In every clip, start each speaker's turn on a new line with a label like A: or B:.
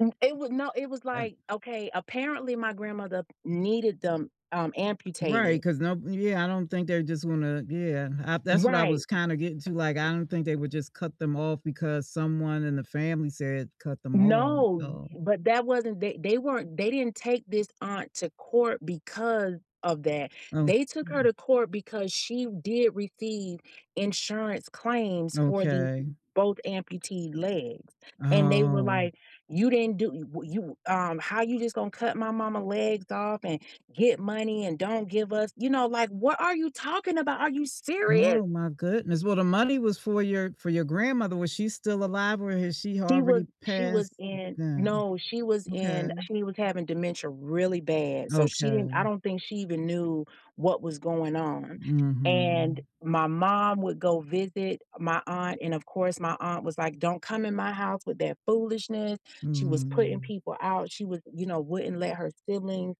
A: M It was no, it was
B: And
A: like okay, apparently my grandmother needed them, um,
B: Right,
A: amputated.
B: 'cause no Yeah, I don't think they're just wanna yeah, uh, that's what I
A: Right,
B: was
A: m
B: kinda getting to, like, I don't think they would just cut them off because someone in the family said "Cut them off,"
A: No,
B: so
A: but that wasn't they they weren't they didn't take this aunt to court because of that.
B: Okay.
A: They took her to court because she did receive insurance claims for the
B: Okay.
A: both amputee legs, and they were
B: Oh.
A: like, "You didn't do y w you um, how you just gonna cut my mama legs off and get money and don't give us" you know, like, "What are you talking about? Are you serious?"
B: Oh my goodness. Well, the money was for your for your grandmother. Was she still alive or has she
A: She was
B: already
A: she was
B: passed
A: in
B: then?
A: no, she was in
B: Okay.
A: she was having dementia really bad, so she didn't I
B: Okay.
A: don't think she even knew what was going on, and
B: Mhm.
A: my mom would go visit my aunt, and of course my aunt was like, "Don't come in my house with that foolishness," she was putting
B: Mhm.
A: people out, she was you know, wouldn't let her siblings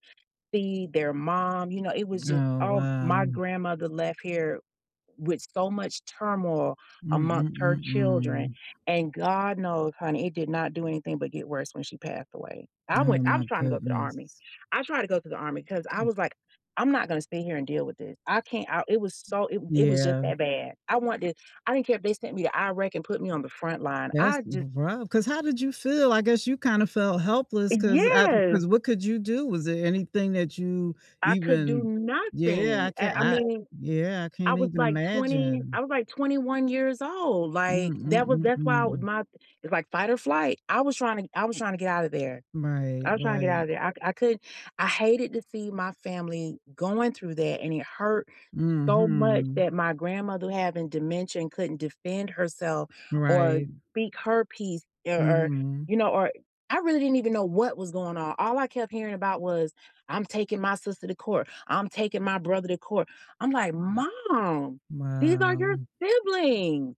A: see their mom, you know, it was just
B: Oh,
A: oh, my
B: wow.
A: grandmother left here with so much turmoil
B: Mm mm
A: amongst her
B: mm
A: children,
B: mm.
A: and god knows, honey, it did not do anything but get worse when she passed away. I
B: Oh
A: went I
B: my
A: was trying to go to the army.
B: goodness.
A: I tried to go to the army 'cause I
B: M
A: was like, "I'm not gonna stay here and deal with this. I can't" I it was so it
B: M
A: it was just
B: Yeah.
A: that bad. I wanted to I didn't care if they sent me to Iraq and put me on the front line.
B: That's
A: I just
B: rough, 'cause how did you feel? I guess you kind of felt
A: Eh
B: helpless 'cause I
A: Yes!
B: 'cause what could you do? Was there anything that you
A: I could do
B: even Yeah, I
A: nothing. I
B: can't
A: I
B: I
A: mean.
B: Yeah, I
A: I
B: can't
A: was
B: even
A: like twenty
B: imagine.
A: I was like 21 years old,
B: Mm
A: like,
B: mm
A: that was
B: mm
A: that's why
B: mm.
A: my it's like fight or flight. I was trying to I was trying to get outta there.
B: Right,
A: I was trying to get
B: right.
A: outta there. I c I couldn't I hated to see my family going through that, and it hurt so much
B: Mhm.
A: that my grandmother having dementia and couldn't defend herself or
B: Right.
A: speak her piece or or,
B: Mhm.
A: you know, or I really didn't even know what was going on. All I kept hearing about was, "I'm taking my sister to court. I'm taking my brother to court." I'm like,
B: M
A: "Mom, these are your
B: Wow.
A: siblings!"